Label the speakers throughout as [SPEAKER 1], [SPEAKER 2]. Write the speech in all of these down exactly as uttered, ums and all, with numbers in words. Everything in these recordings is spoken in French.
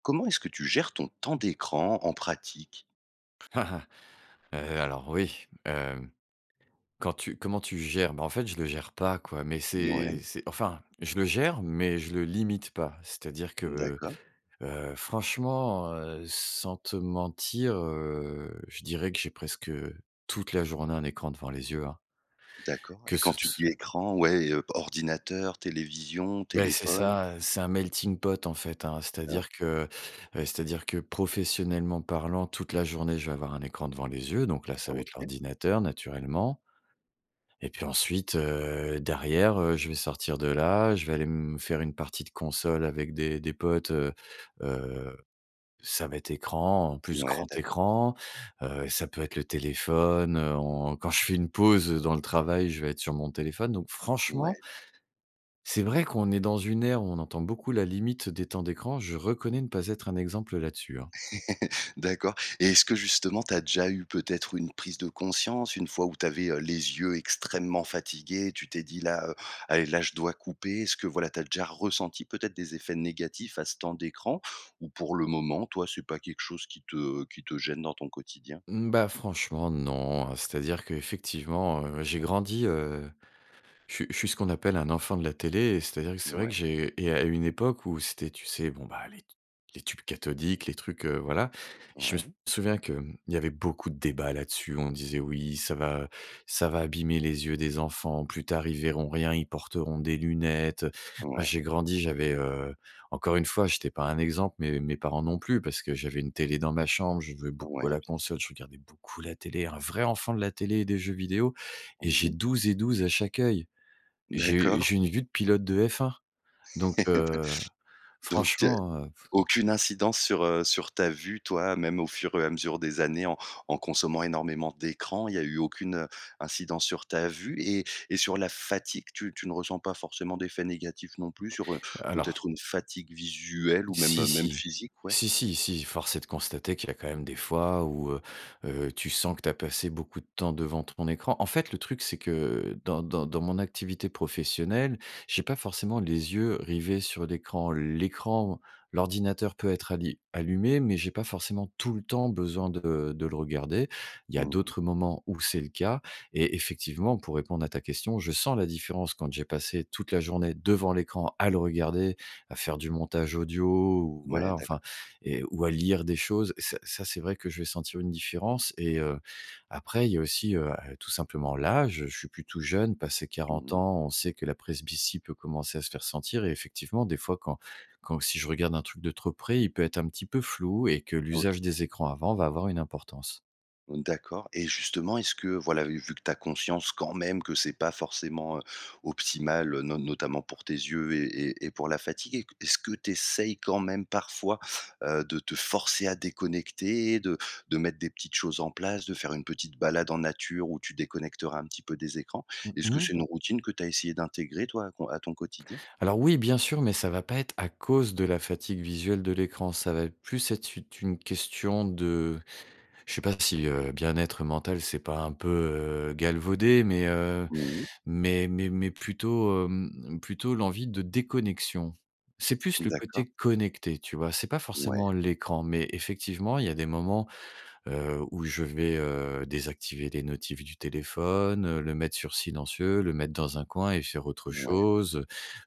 [SPEAKER 1] Comment est-ce que tu gères ton temps d'écran en pratique?
[SPEAKER 2] Heu, alors oui, hem, quand tu comment tu gères? Bah, en fait, je le gère pas quoi. Mais
[SPEAKER 1] Ouais.
[SPEAKER 2] c'est c'est enfin je le gère, mais je le limite pas. C'est-à-dire que,
[SPEAKER 1] D'accord.
[SPEAKER 2] heu, franchement, heu, sans te mentir, heu, je dirais que j'ai presque toute la journée un écran devant les yeux, hein
[SPEAKER 1] D'accord.
[SPEAKER 2] que
[SPEAKER 1] Et quand
[SPEAKER 2] ce
[SPEAKER 1] tu
[SPEAKER 2] s
[SPEAKER 1] dis: «Écran», ouais, ordinateur, télévision,
[SPEAKER 2] Mais, c'est
[SPEAKER 1] téléphone?
[SPEAKER 2] ça, heu, c'est un melting-pot en fait, hein, c'est-à-dire
[SPEAKER 1] OK.
[SPEAKER 2] que, heu, c'est-à-dire que professionnellement parlant, toute la journée, je vais avoir un écran devant les yeux. Donc là, ça va être
[SPEAKER 1] OK.
[SPEAKER 2] l'ordinateur naturellement et puis ensuite, heu, derrière heu, je vais sortir de là. Je vais aller m me faire une partie de console avec des des potes, heu, heu. Ça va être écran, en plus,
[SPEAKER 1] Ouais
[SPEAKER 2] grand
[SPEAKER 1] d'accord.
[SPEAKER 2] écran. Heu, ça peut être le téléphone, heu, en quand je fais une pause dans le travail, je vais être sur mon téléphone. Donc franchement
[SPEAKER 1] Ouais.
[SPEAKER 2] c'est vrai qu'on est dans une ère où on entend beaucoup la limite des temps d'écran. Je reconnais ne pas être un exemple là-dessus, hein.
[SPEAKER 1] D'accord. Et est-ce que justement, tu as déjà eu peut-être une prise de conscience? Une fois où tu avais les yeux extrêmement fatigués, tu t'es dit: «Là, heu, allez, là, je dois couper». Est-ce que voilà, tu as déjà ressenti peut-être des effets négatifs à ce temps d'écran? Ou pour le moment, toi, c'est pas quelque chose qui te qui te gêne dans ton quotidien?
[SPEAKER 2] Mmh, bah, franchement, non, heu, c'est-à-dire qu'effectivement, heu, j'ai grandi, heu, je suis je suis ce qu'on appelle un enfant de la télé, et c'est-à-dire que c'est vrai que
[SPEAKER 1] Ouais.
[SPEAKER 2] j'ai et à une époque où c'était, tu sais, bon, bah, les t les tubes cathodiques, les trucs, heu, voilà. Je me
[SPEAKER 1] Ouais.
[SPEAKER 2] souviens que, hem, il y avait beaucoup de débats là-dessus. On disait: «Oui, ça va ça va abîmer les yeux des enfants. Plus tard, ils verront rien, ils porteront des lunettes, heu». Moi,
[SPEAKER 1] Ouais.
[SPEAKER 2] j'ai grandi, j'avais, heu, encore une fois, j'étais pas un exemple, mais mes parents non plus parce que j'avais une télé dans ma chambre, je jouais
[SPEAKER 1] Ouais.
[SPEAKER 2] beaucoup à
[SPEAKER 1] Bien
[SPEAKER 2] la
[SPEAKER 1] s
[SPEAKER 2] console, je regardais beaucoup la télé, un vrai enfant de la télé et des jeux vidéo. Et
[SPEAKER 1] Mmh
[SPEAKER 2] j'ai
[SPEAKER 1] mh.
[SPEAKER 2] douze et douze à chaque oeil. J'ai u
[SPEAKER 1] D'accord.
[SPEAKER 2] j'ai une vue de pilote de F1 donc, heu,
[SPEAKER 1] Donc heu,
[SPEAKER 2] franchement, heu
[SPEAKER 1] aucune incidence sur, heu, sur ta vue toi, même au fur et à mesure des années en en consommant énormément d'écrans, il y a eu aucune, heu, incidence sur ta vue et et sur la fatigue? Tu tu ne ressens pas forcément d'effets négatifs non plus sur, heu,
[SPEAKER 2] Alors.
[SPEAKER 1] peut-être une fatigue visuelle ou
[SPEAKER 2] Si,
[SPEAKER 1] même même
[SPEAKER 2] si,
[SPEAKER 1] physique? Ouais.
[SPEAKER 2] si, si, si force est de constater qu'il y a quand même des fois où, heu, heu, tu sens que tu as passé beaucoup de temps devant ton écran. En fait, le truc c'est que, heu, dans dans dans mon activité professionnelle, j'ai pas forcément les yeux rivés sur l'écran l'écran l'ordinateur peut être alli allumé. Mais j'ai pas forcément tout le temps besoin de, heu, de le regarder. Il y a
[SPEAKER 1] Mmh mh.
[SPEAKER 2] d'autres moments où c'est le cas. Et effectivement, pour répondre à ta question, je sens la différence quand j'ai passé toute la journée devant l'écran à le regarder, à faire du montage audio ou
[SPEAKER 1] Ouais,
[SPEAKER 2] voilà,
[SPEAKER 1] d'accord.
[SPEAKER 2] enfin, et ou, à lire des choses. Ça ça c'est vrai que je vais sentir une différence et heu, après, il y a aussi, heu, ah tout simplement l'âge. Je suis plus tout jeune. Passé quarante
[SPEAKER 1] Mmh mh.
[SPEAKER 2] ans, on sait que la presbytie peut commencer à se faire sentir et effectivement, des fois, quand quand si je regarde un truc de trop près, il peut être un petit peu flou et que
[SPEAKER 1] OK.
[SPEAKER 2] l'usage des écrans avant va avoir une importance.
[SPEAKER 1] Hem, d'accord et justement est-ce que voilà et vu que tu as conscience quand même que c'est pas forcément, heu, optimal. Heu, no notamment pour tes yeux et et et pour la fatigue. Et que est-ce que tu essayes quand même parfois, heu, de te forcer à déconnecter? de de mettre des petites choses en place, de faire une petite balade en nature où tu déconnecteras un petit peu des écrans?
[SPEAKER 2] Mmh
[SPEAKER 1] Est-ce que
[SPEAKER 2] mh.
[SPEAKER 1] c'est une routine que tu as essayé d'intégrer toi, à ton à ton quotidien?
[SPEAKER 2] Alors oui, bien sûr, mais ça va pas être à cause de la fatigue visuelle de l'écran. Ça va être plus être une une question de je sais pas si, heu, bien être mental, c'est pas un peu, heu, galvaudé. Mais, heu,
[SPEAKER 1] Mmh mh.
[SPEAKER 2] mais mais mais plutôt hem, mmh plutôt l'envie de déconnexion. C'est plus
[SPEAKER 1] Mmh
[SPEAKER 2] le
[SPEAKER 1] d'accord.
[SPEAKER 2] côté connecté, tu vois? C'est pas
[SPEAKER 1] Ouais.
[SPEAKER 2] forcément l'écran. Mais effectivement, il y a des moments, heu, où je vais, heu, désactiver des notifs du téléphone, heu, le mettre sur silencieux. Le mettre dans un coin et faire autre
[SPEAKER 1] Mouais.
[SPEAKER 2] chose,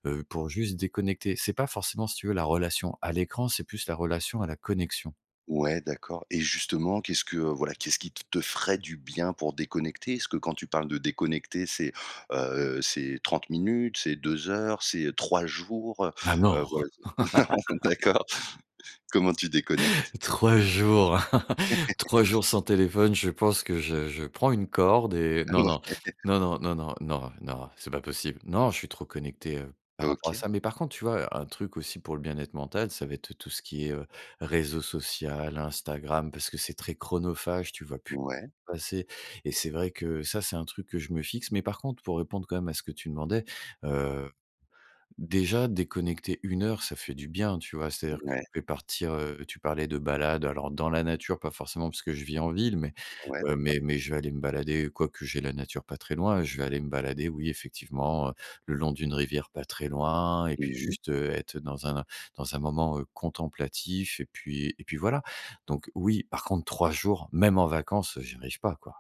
[SPEAKER 2] heu, heu, pour juste déconnecter. C'est pas forcément, si tu veux, la relation à l'écran, c'est plus la relation à la connexion.
[SPEAKER 1] Ouais d'accord et justement qu'est-ce que, heu voilà qu'est-ce qui te ferait du bien pour déconnecter? Est-ce que quand tu parles de déconnecter c'est, heu c'est trente minutes, c'est deux heures, c'est trois jours, heu,
[SPEAKER 2] Ah non!
[SPEAKER 1] heu, voilà. C'est non, d'accord. comment tu déconnectes?
[SPEAKER 2] trois jours trois jours sans téléphone, je pense que je je prends une corde et non, non,
[SPEAKER 1] Ouais.
[SPEAKER 2] non, non, non, non, non. Non c'est pas possible. Non, je suis trop connecté, heu, par rapport à
[SPEAKER 1] OK.
[SPEAKER 2] ça. Mais par contre, tu vois, un truc aussi, pour le bien-être mental, ça va être, heu, tout ce qui est, heu: réseau social, Instagram. Parce que c'est très chronophage. Tu vois plus
[SPEAKER 1] Ouais.
[SPEAKER 2] passer et c'est vrai que ça, c'est un truc que je me fixe. Mais par contre, pour répondre quand même à ce que tu demandais, heu, déjà déconnecter une heure, ça fait du bien, tu vois? C'est à dire que
[SPEAKER 1] Ouais.
[SPEAKER 2] je vais partir, heu tu parlais de balade, alors dans la nature pas forcément, parce que je vis en ville. Mais,
[SPEAKER 1] Ouais
[SPEAKER 2] heu,
[SPEAKER 1] d'accord.
[SPEAKER 2] mais mais je vais aller me balader, quoique j'ai la nature pas très loin. Je vais aller me balader, oui, effectivement, heu, le long d'une rivière pas très loin et puis
[SPEAKER 1] Mmh mh.
[SPEAKER 2] juste, heu, être, heu, dans un dans un moment, heu, contemplatif. Et puis et puis voilà. Donc oui. Par contre, trois jours, même en vacances, heu, j'y arrive pas quoi.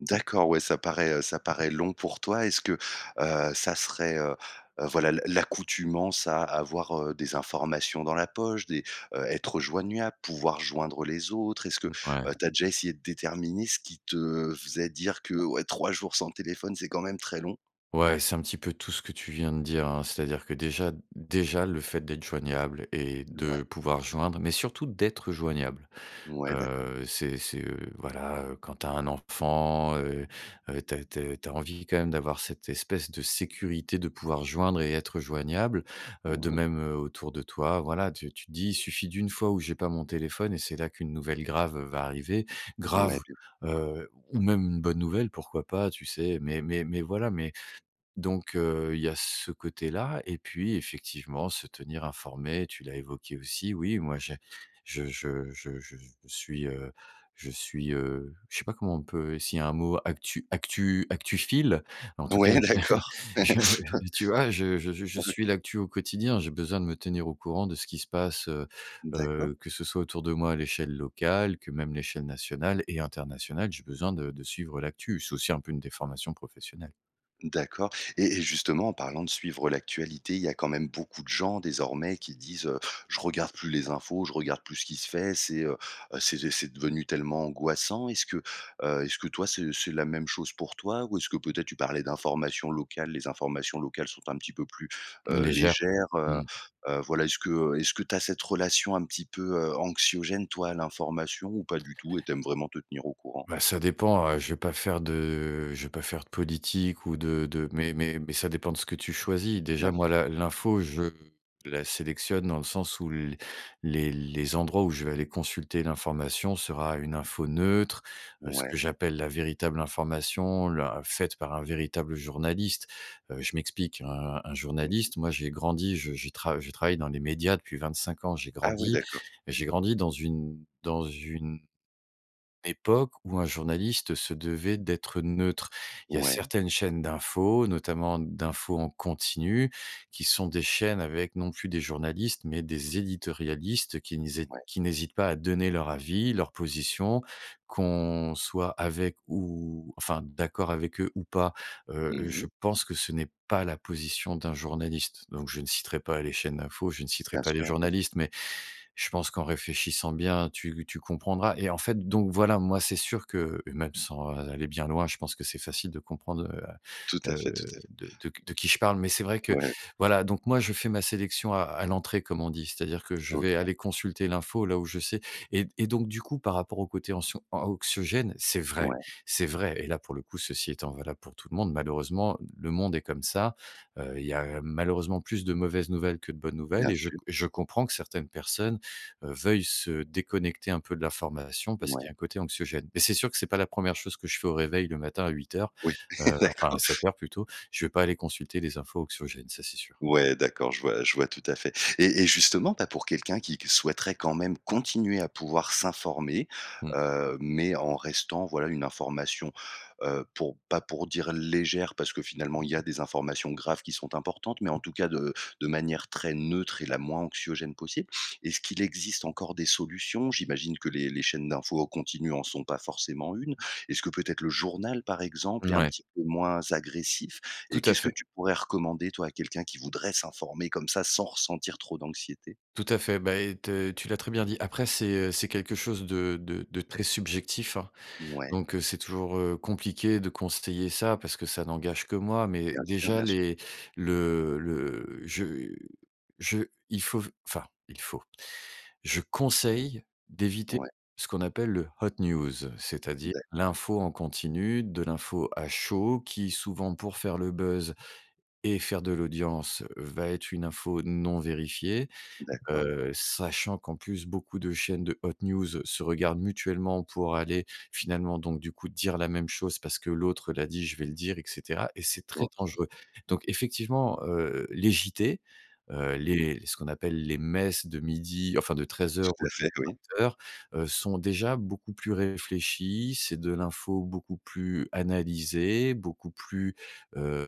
[SPEAKER 1] D'accord, ouais, ça paraît, heu, ça paraît long pour toi. Est-ce que, heu, ça serait, heu heu, voilà l'a l'a l'accoutumance à avoir, heu, des informations dans la poche? Des, heu, être joignuable, pouvoir joindre les autres? Est-ce que,
[SPEAKER 2] Mmh,
[SPEAKER 1] heu,
[SPEAKER 2] ouais.
[SPEAKER 1] tu as déjà essayé de déterminer ce qui te faisait dire que: «Ouais trois jours sans téléphone, c'est quand même très long»?
[SPEAKER 2] Ouais, c'est un petit peu tout ce que tu viens de dire hein, c'est-à-dire que déjà déjà le fait d'être joignable et,
[SPEAKER 1] N ouais.
[SPEAKER 2] de, pouvoir joindre, mais surtout d'être joignable.
[SPEAKER 1] Ouais, d'accord.
[SPEAKER 2] Heu, c'est c'est, heu, voilà quand tu as un enfant, heu heu, tu as tu as tu as envie quand même d'avoir cette espèce de sécurité, de pouvoir joindre et être joignable. Heu, de
[SPEAKER 1] Mmh mh.
[SPEAKER 2] même, heu, autour de toi, voilà, tu tu te dis: «Il suffit d'une fois où j'ai pas mon téléphone et c'est là qu'une nouvelle grave va arriver». Grave,
[SPEAKER 1] Ouais, bien sûr.
[SPEAKER 2] heu, ou même une bonne nouvelle, pourquoi pas, tu sais. Mais mais mais voilà, mais donc, heu, il y a ce côté-là. Et puis, effectivement, se tenir informé, tu l'as évoqué aussi. Oui, moi, j'ai je je je je suis, heu je suis, heu, je sais pas comment on peut essayer un mot actu actu actuphile? En tout cas,
[SPEAKER 1] Ouais,
[SPEAKER 2] j'ai
[SPEAKER 1] d'accord. OK.
[SPEAKER 2] j'ai tu vois, je je je je suis l'actu au quotidien. J'ai besoin de me tenir au courant de ce qui se passe, heu
[SPEAKER 1] D'accord.
[SPEAKER 2] heu, que ce soit autour de moi, à l'échelle locale, que même l'échelle nationale et internationale, j'ai besoin de de suivre l'actu, c'est aussi un peu une déformation professionnelle.
[SPEAKER 1] D'accord et et justement en parlant de suivre l'actualité, il y a quand même beaucoup de gens désormais qui disent: «Heu, je regarde plus les infos. Je regarde plus ce qui se fait». C'est, heu, heu, c'est et c'est devenu tellement angoissant. Est-ce que, heu est-ce que toi c'est c'est la même chose pour toi? Ou est-ce que peut-être tu parlais d'informations locales? Les informations locales sont un petit peu plus, heu,
[SPEAKER 2] Légère.
[SPEAKER 1] légères? Heu,
[SPEAKER 2] Mmh.
[SPEAKER 1] heu, voilà, est-ce que est-ce que tu as cette relation un petit peu, heu, anxiogène toi à l'information ou pas du tout et tu aimes vraiment te tenir au courant?
[SPEAKER 2] Bah ça dépend, heu, je vais pas faire de, heu je vais pas faire de politique ou de de mais mais mais ça dépend, de ce que tu choisis.
[SPEAKER 1] Bien
[SPEAKER 2] Déjà moi,
[SPEAKER 1] sûr.
[SPEAKER 2] la l'info, je la sélectionne dans le sens où l les les endroits où je vais aller consulter l'information sera une info neutre. Heu, ce que
[SPEAKER 1] Ouais.
[SPEAKER 2] j'appelle la véritable information l'in faite par un véritable journaliste. Heu je m'explique, un un
[SPEAKER 1] Mmh mh.
[SPEAKER 2] journaliste moi, j'ai grandi, je je trav je travaille dans les médias depuis vingt-cinq ans. J'ai
[SPEAKER 1] Ah oui
[SPEAKER 2] grandi
[SPEAKER 1] d'accord.
[SPEAKER 2] j'ai grandi dans une dans une époque où un journaliste se devait, d'être neutre. Il y a
[SPEAKER 1] Ouais.
[SPEAKER 2] certaines chaînes d'infos, notamment d'infos en continu, qui sont des chaînes avec non plus des journalistes. Mais des éditorialistes qui niset
[SPEAKER 1] Ouais.
[SPEAKER 2] qui n'hésitent pas à donner leur avis, leur position, qu'on soit avec ou enfin d'accord avec eux ou pas. Heu, heu,
[SPEAKER 1] Mmh
[SPEAKER 2] je
[SPEAKER 1] mh.
[SPEAKER 2] pense que ce n'est pas la position d'un journaliste. Donc, je ne citerai pas les chaînes d'infos, je ne citerai
[SPEAKER 1] Bien
[SPEAKER 2] pas les
[SPEAKER 1] sûr. Bien sûr.
[SPEAKER 2] journalistes, mais je pense qu'en réfléchissant bien, tu tu comprendras et en fait, donc voilà, moi c'est sûr que même sans aller bien loin, je pense que c'est facile de comprendre,
[SPEAKER 1] Tout
[SPEAKER 2] heu,
[SPEAKER 1] à fait, tout
[SPEAKER 2] heu,
[SPEAKER 1] à fait.
[SPEAKER 2] de de qui je parle. Mais c'est vrai que
[SPEAKER 1] Ouais.
[SPEAKER 2] voilà, donc moi, je fais ma sélection à à l'entrée, comme on dit. C'est-à-dire que je vais
[SPEAKER 1] OK.
[SPEAKER 2] aller consulter l'info là où je sais. Et et donc, du coup, par rapport au côté anxion anxiogène, c'est vrai,
[SPEAKER 1] Ouais.
[SPEAKER 2] c'est vrai. Et là, pour le coup, ceci étant valable pour tout le monde, malheureusement, le monde est comme ça. Heu, il y a malheureusement plus de mauvaises nouvelles, que de bonnes nouvelles
[SPEAKER 1] Bien
[SPEAKER 2] et je
[SPEAKER 1] sûr.
[SPEAKER 2] com je comprends que certaines personnes veuillent se déconnecter un peu, de l'information parce
[SPEAKER 1] Ouais.
[SPEAKER 2] qu'il y a un côté anxiogène. Et c'est sûr que c'est pas la première chose que je fais au réveil le matin, à huit heures,
[SPEAKER 1] Oui,
[SPEAKER 2] heu, enfin
[SPEAKER 1] d'accord.
[SPEAKER 2] à sept heures plutôt. Je vais pas aller consulter les infos anxiogènes, ça, c'est sûr.
[SPEAKER 1] Ouais, d'accord, je vois je vois tout à fait. Et et justement, bah pour quelqu'un qui qui souhaiterait quand même continuer à pouvoir s'informer,
[SPEAKER 2] Mmh mh.
[SPEAKER 1] heu, mais en restant, voilà, une information, heu, pour pas pour dire légère parce que finalement il y a des informations graves qui sont importantes. Mais en tout cas de de manière très neutre et la moins anxiogène possible. Est-ce qu'il existe encore des solutions? J'imagine que les les chaînes d'infos au continu en sont pas forcément une. Est-ce que peut-être le journal, par exemple, est un
[SPEAKER 2] Mouais.
[SPEAKER 1] petit peu moins agressif? Et
[SPEAKER 2] Tout à
[SPEAKER 1] qu'est-ce que
[SPEAKER 2] fait.
[SPEAKER 1] tu pourrais recommander toi, à quelqu'un qui voudrait s'informer comme ça sans ressentir trop d'anxiété?
[SPEAKER 2] Tout à fait, beh et te tu l'as très bien dit. Après, c'est, heu, c'est quelque chose de de de très subjectif hein.
[SPEAKER 1] Ouais.
[SPEAKER 2] Donc, heu, c'est toujours, heu, compliqué de conseiller ça, parce que ça n'engage que moi. Mais
[SPEAKER 1] Bien sûr,
[SPEAKER 2] déjà
[SPEAKER 1] bien sûr.
[SPEAKER 2] les le le je je il faut v enfin, il faut je conseille d'éviter
[SPEAKER 1] Ouais.
[SPEAKER 2] ce qu'on appelle le hot news, c'est-à-dire
[SPEAKER 1] D'accord.
[SPEAKER 2] l'info en continu, de l'info à chaud qui, souvent, pour faire le buzz et faire de l'audience, va être une info non vérifiée.
[SPEAKER 1] D'accord.
[SPEAKER 2] Heu sachant qu'en plus, beaucoup de chaînes de hot news, se regardent mutuellement. Pour aller finalement donc du coup dire la même chose, parce que l'autre l'a dit, je vais le dire, et cetera, et c'est très
[SPEAKER 1] OK.
[SPEAKER 2] dangereux. Donc effectivement, heu, les JT, heu, les les ce qu'on appelle les messes de midi, enfin de treize
[SPEAKER 1] Tout
[SPEAKER 2] heures ou
[SPEAKER 1] à
[SPEAKER 2] de vingt
[SPEAKER 1] fait, oui.
[SPEAKER 2] heures sont déjà, beaucoup plus réfléchies. C'est de l'info beaucoup plus analysée, beaucoup plus heu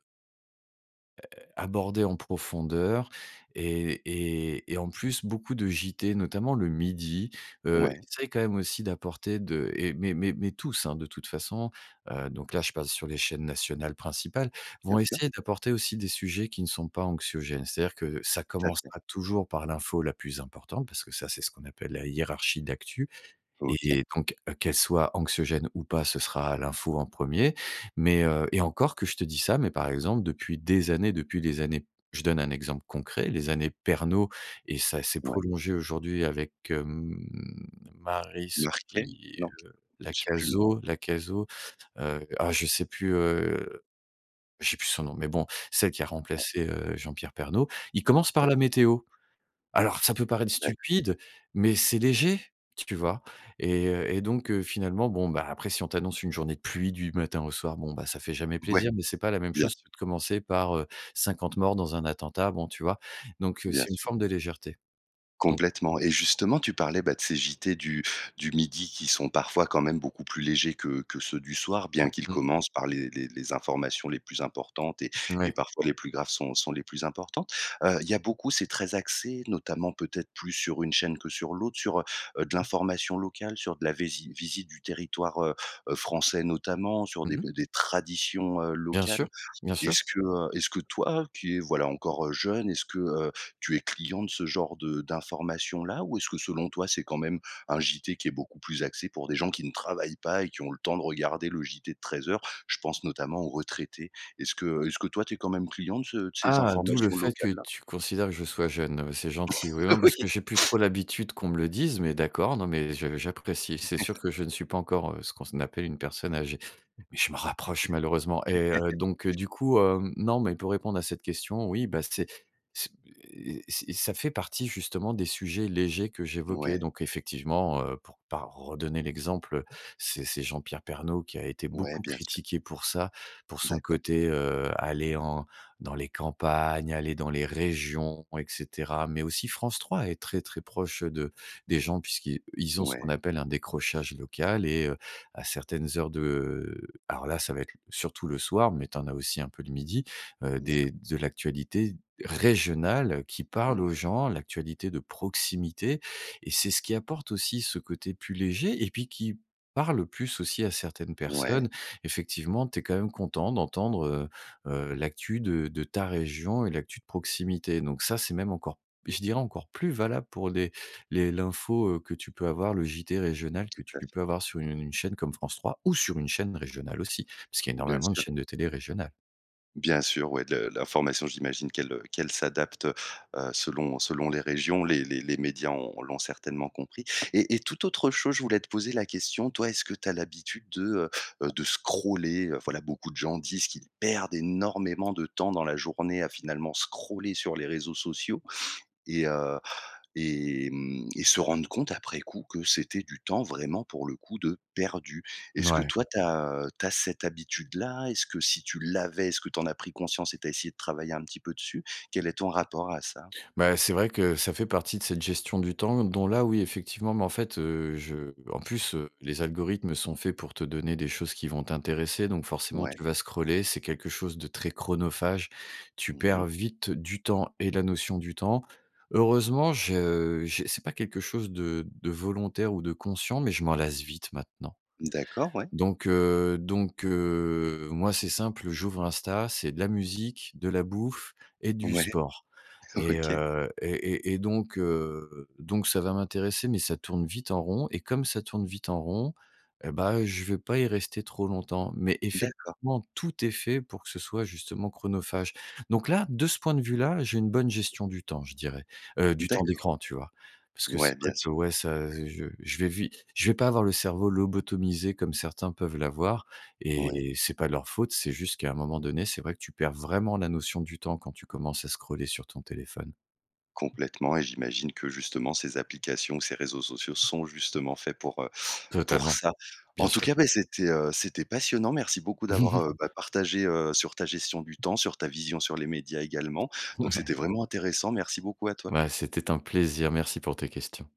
[SPEAKER 2] heu, abordée en profondeur et et et en plus, beaucoup de JT, notamment le midi, heu,
[SPEAKER 1] Ouais.
[SPEAKER 2] essayent quand même aussi d'apporter de et mais mais mais tous, de toute façon, heu, donc là, je passe sur les chaînes nationales principales. Vont
[SPEAKER 1] Bien sûr
[SPEAKER 2] essayer d'apporter aussi des sujets qui ne sont pas anxiogènes, c'est-à-dire que ça
[SPEAKER 1] Tout à fait.
[SPEAKER 2] commencera toujours par l'info la plus importante. Parce que ça, c'est ce qu'on appelle la hiérarchie d'actu et
[SPEAKER 1] OK.
[SPEAKER 2] et donc qu'elle soit anxiogène ou pas, ce sera l'info en premier. Mais, heu et encore que je te dis ça, mais par exemple, depuis des années depuis des années, je donne un exemple concret. Les années Pernault et ça s'est
[SPEAKER 1] Ouais.
[SPEAKER 2] prolongé aujourd'hui avec hem, Maryse
[SPEAKER 1] Marquais?
[SPEAKER 2] qui et
[SPEAKER 1] Non?
[SPEAKER 2] heu la
[SPEAKER 1] J'ai plus le nom.
[SPEAKER 2] Cazo la Cazo. Heu, oh je sais plus, heu, j'ai plus son nom, mais bon, celle qui a
[SPEAKER 1] Ouais.
[SPEAKER 2] remplacé, heu, Jean-Pierre Pernaut, ils commencent par
[SPEAKER 1] Tout à fait.
[SPEAKER 2] la météo. Alors ça peut paraître
[SPEAKER 1] D'accord.
[SPEAKER 2] stupide, mais c'est léger, tu vois? Et heu et donc, heu, finalement, bon, bah après si on t'annonce une journée de pluie du matin au soir, bon, bah ça fait jamais
[SPEAKER 1] Ouais,
[SPEAKER 2] plaisir. Mais c'est pas la même
[SPEAKER 1] bien
[SPEAKER 2] chose
[SPEAKER 1] sûr.
[SPEAKER 2] que de commencer par, heu, cinquante morts dans un attentat. Bon, tu vois? Donc, heu,
[SPEAKER 1] Bien
[SPEAKER 2] c'est une
[SPEAKER 1] sûr.
[SPEAKER 2] forme de légèreté. Donc.
[SPEAKER 1] Complètement. Et justement, tu parlais bah de ces JT du du midi qui sont parfois quand même beaucoup plus légers, que que ceux du soir. Bien qu'ils
[SPEAKER 2] Mmh.
[SPEAKER 1] commencent par les les les informations les plus importantes) et et
[SPEAKER 2] Ouais.
[SPEAKER 1] parfois, les plus graves sont sont les plus importantes. Heu il y a beaucoup c'est très axé notamment peut-être plus sur une chaîne que sur l'autre. Sur, heu, de l'information locale, sur de la vési visite du territoire, heu, heu, français, notamment sur
[SPEAKER 2] Mmh
[SPEAKER 1] des
[SPEAKER 2] mh.
[SPEAKER 1] des des traditions, heu,
[SPEAKER 2] Bien sûr,
[SPEAKER 1] locales.
[SPEAKER 2] bien sûr.
[SPEAKER 1] Est-ce que, heu est-ce que toi qui est voilà encore jeune, est-ce que, heu, tu es client de ce genre de d'information là? Ou est-ce que selon toi c'est quand même un JT, qui est beaucoup plus axé pour des gens qui ne travaillent pas? Et qui ont le temps de regarder le JT de treize heures? Je pense notamment aux retraités. Est-ce que est-ce que toi tu es quand même client de, ce de ces
[SPEAKER 2] Ah! d'où le
[SPEAKER 1] informations
[SPEAKER 2] fait
[SPEAKER 1] locales
[SPEAKER 2] que
[SPEAKER 1] là?
[SPEAKER 2] tu considères que je sois jeune. Ah bah c'est gentil, oui non
[SPEAKER 1] Oui.
[SPEAKER 2] puisque j'ai plus trop l'habitude qu'on me le dise, mais d'accord, non, mais je j'apprécie. C'est sûr que je ne suis pas encore, heu, ce qu'on ce n appelle une personne âgée, mais je m'en rapproche malheureusement et heu, donc, du coup, hem non, mais pour répondre à cette question, oui, bah c'est c'est p et c'est ça fait partie justement des sujets légers que j'évoquais.
[SPEAKER 1] Ouais.
[SPEAKER 2] Donc effectivement, heu, pour pas redonner l'exemple, c'est c'est Jean-Pierre Pernault qui a été
[SPEAKER 1] Ouais
[SPEAKER 2] beaucoup
[SPEAKER 1] bien sûr.
[SPEAKER 2] critiqué pour ça. Pour son
[SPEAKER 1] D'accord.
[SPEAKER 2] côté, heu aller en dans les campagnes, aller dans les régions et cetera. Mais aussi France 3 est très très proche de des gens, puisqu'ils ils ont ce qu'on
[SPEAKER 1] Ouais.
[SPEAKER 2] appelle un décrochage local. Et, heu, à certaines heures de alors là, ça va être l surtout le soir, mais tu en as aussi un peu le midi. Heu des
[SPEAKER 1] D'accord.
[SPEAKER 2] de l'actualité régionale qui parle aux
[SPEAKER 1] Ouais.
[SPEAKER 2] gens. L'actualité de proximité et c'est ce qui apporte aussi, ce côté plus léger et puis qui parle plus aussi, à certaines
[SPEAKER 1] Ouais.
[SPEAKER 2] personnes. Effectivement, tu es quand même content d'entendre, heu, heu, l'actu de de ta région et l'actu de proximité. Donc ça, c'est même encore p je dirais encore plus valable pour les les l'info, heu, que tu peux avoir. Le Journal télévisé régional
[SPEAKER 1] Tout
[SPEAKER 2] que tu
[SPEAKER 1] à fait.
[SPEAKER 2] peux avoir sur une chaîne comme France 3 ou sur une chaîne régionale aussi, parce qu'il y a
[SPEAKER 1] Bien
[SPEAKER 2] énormément de
[SPEAKER 1] sûr.
[SPEAKER 2] chaînes de télé régionales.
[SPEAKER 1] Bien sûr, ouais, de l'information. J'imagine qu'elle, heu qu'elle s'adapte heu, heu selon selon les régions, les les les médias ont l'ont certainement compris. Et et tout autre chose, je voulais te poser la question, toi, est-ce que tu as l'habitude de, heu, de scroller? Heu, voilà, beaucoup de gens disent qu'ils perdent énormément de temps dans la journée, à finalement scroller sur les réseaux sociaux et, heu et mmh et se rendent compte après coup, que c'était du temps vraiment pour le coup, de perdu. Est-ce que
[SPEAKER 2] Ouais.
[SPEAKER 1] toi, tu as tu as cette habitude-là? Est-ce que si tu l'avais est-ce que tu en as pris conscience et tu as essayé de travailler un petit peu dessus? Quel est ton rapport à ça?
[SPEAKER 2] Bah, c'est vrai que ça fait partie de cette gestion du temps dont là, oui, effectivement mais en fait, heu, je en plus, heu, les algorithmes sont faits, pour te donner des choses qui vont t'intéresser. Donc forcément,
[SPEAKER 1] Ouais.
[SPEAKER 2] tu vas scroller. C'est quelque chose de très chronophage. Tu
[SPEAKER 1] Mmh
[SPEAKER 2] perds
[SPEAKER 1] mh.
[SPEAKER 2] vite du temps et la notion du temps. Heureusement, je je c'est pas quelque chose de de volontaire ou de conscient, mais je m'en lasse vite maintenant.
[SPEAKER 1] D'accord, ouais.
[SPEAKER 2] Donc, heu donc, heu, moi, c'est simple, j'ouvre Insta, c'est de la musique, de la bouffe et du
[SPEAKER 1] Ouais.
[SPEAKER 2] sport et,
[SPEAKER 1] OK.
[SPEAKER 2] heu et et et donc, heu, donc, ça va m'intéresser, mais ça tourne vite en rond. Et comme ça tourne vite en rond, et bah, je vais pas y rester trop longtemps. Mais
[SPEAKER 1] D'accord.
[SPEAKER 2] effectivement, tout est fait pour que ce soit justement chronophage. Donc là, de ce point de vue là, j'ai une bonne gestion du temps, je dirais. Heu, du temps
[SPEAKER 1] D'accord.
[SPEAKER 2] d'écran, tu vois? Parce que
[SPEAKER 1] Ouais,
[SPEAKER 2] c'est vrai
[SPEAKER 1] bien
[SPEAKER 2] que
[SPEAKER 1] sûr.
[SPEAKER 2] ouais, ça heu j je vais vite je vais pas avoir le cerveau lobotomisé, comme certains peuvent l'avoir
[SPEAKER 1] Ouais.
[SPEAKER 2] et c'est pas leur faute. C'est juste qu'à un moment donné, c'est vrai que tu perds vraiment la notion du temps, quand tu commences à scroller sur ton téléphone.
[SPEAKER 1] Complètement et j'imagine que justement, ces applications, ou ces réseaux sociaux sont justement faits pour, heu pour
[SPEAKER 2] Totalement,
[SPEAKER 1] ça. En
[SPEAKER 2] bien
[SPEAKER 1] tout
[SPEAKER 2] sûr.
[SPEAKER 1] cas, bah, c'était, heu c'était passionnant. Merci beaucoup d'avoir, heu, bah, partagé heu, sur ta gestion du temps, sur ta vision, sur les médias également.
[SPEAKER 2] Ouais,
[SPEAKER 1] Donc
[SPEAKER 2] ouais.
[SPEAKER 1] c'était vraiment intéressant. Merci beaucoup à toi.
[SPEAKER 2] Bah, c'était un plaisir, merci pour tes questions.